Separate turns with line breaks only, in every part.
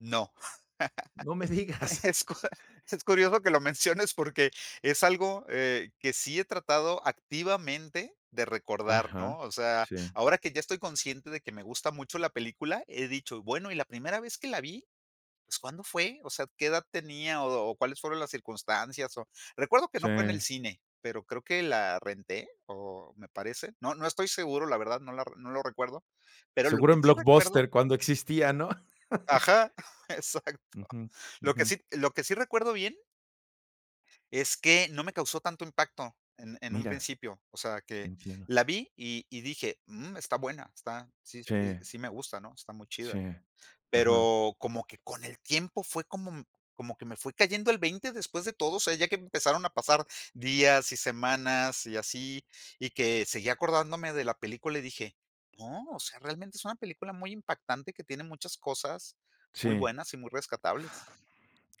No.
No me digas.
Es cu es curioso que lo menciones porque es algo, eh, que sí he tratado activamente de recordar, ¿no?
Ajá.
O sea,
Sí.
ahora que ya estoy consciente de que me gusta mucho la película, he dicho: "Bueno", y la primera vez que la vi, pues, ¿cuándo fue? O sea, ¿qué edad tenía o o cuáles fueron las circunstancias? O recuerdo que no fue en el
Sí.
cine, pero creo que la renté, o me parece. No no estoy seguro, la verdad, no la no lo recuerdo, pero lo
Seguro
que
en
sí recuerdo
Blockbuster cuando existía, ¿no?
Ajá. Exacto.
Ujú.
Lo que
Ujú.
sí lo que sí recuerdo bien es que no me causó tanto impacto en en un
Mira.
principio. O sea, que
Entiendo.
la vi, y y dije: "Mm, está buena, está sí sí
Sí.
sí me gusta, ¿no? Está muy chida".
Sí. Ajá.
Pero como que con el tiempo fue como como que me fue cayendo el 20 después de todo, o sea, ya que empezaron a pasar días y semanas y así, y que seguí acordándome de la película y dije: "No, o sea, realmente es una película muy impactante que tiene muchas cosas muy
Sí.
buenas y muy rescatables".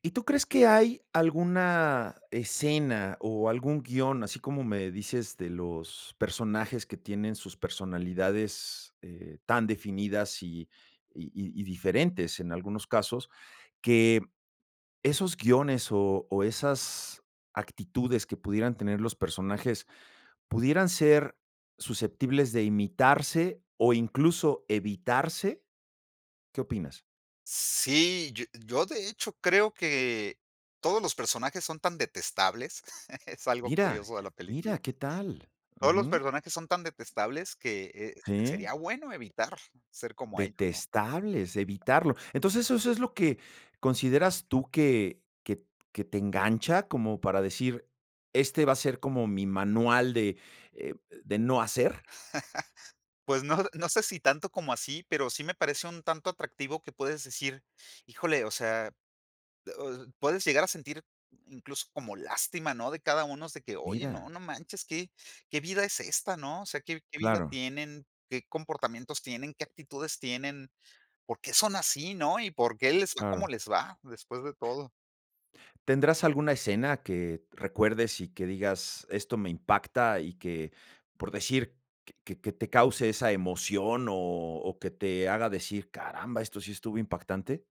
¿Y tú crees que hay alguna escena, o algún guion, así como me dices, de los personajes que tienen sus personalidades, eh, tan definidas y y y y diferentes en algunos casos que esos guiones, o o, esas actitudes que pudieran tener los personajes pudieran ser susceptibles de imitarse, o, incluso evitarse? ¿Qué opinas?
Sí, yo yo de hecho, creo que todos los personajes son tan detestables, es algo
Mira.
curioso de la
Mira,
película
qué tal.
todos los
Ujú.
personajes son tan detestables que, eh,
Sí.
sería bueno evitar ser como ellos, ¿no?
Detestables evitarlo. Entonces, ¿eso eso es lo que consideras tú que que que te engancha como para decir, este va a ser como mi manual de eh, de no hacer?
Pues no, no sé si tanto como así, pero sí me parece un tanto atractivo que puedes decir, ¡híjole! O sea, puedes llegar a sentir incluso como lástima, ¿no? De cada unos de que, oye, no,
Mira.
no manches, qué qué vida es esta, ¿no? O sea, ¿qué qué vida
Claro.
tienen?, ¿qué comportamientos tienen?, ¿qué actitudes tienen?, ¿por qué son así, no? Y, ¿por qué les va como
Claro.
les va?, después de todo.
¿Tendrás alguna escena que recuerdes, y que digas: "Esto me impacta", y que, por decir, que que que te cause esa emoción, o o, que te haga decir: "Caramba, esto sí estuvo impactante".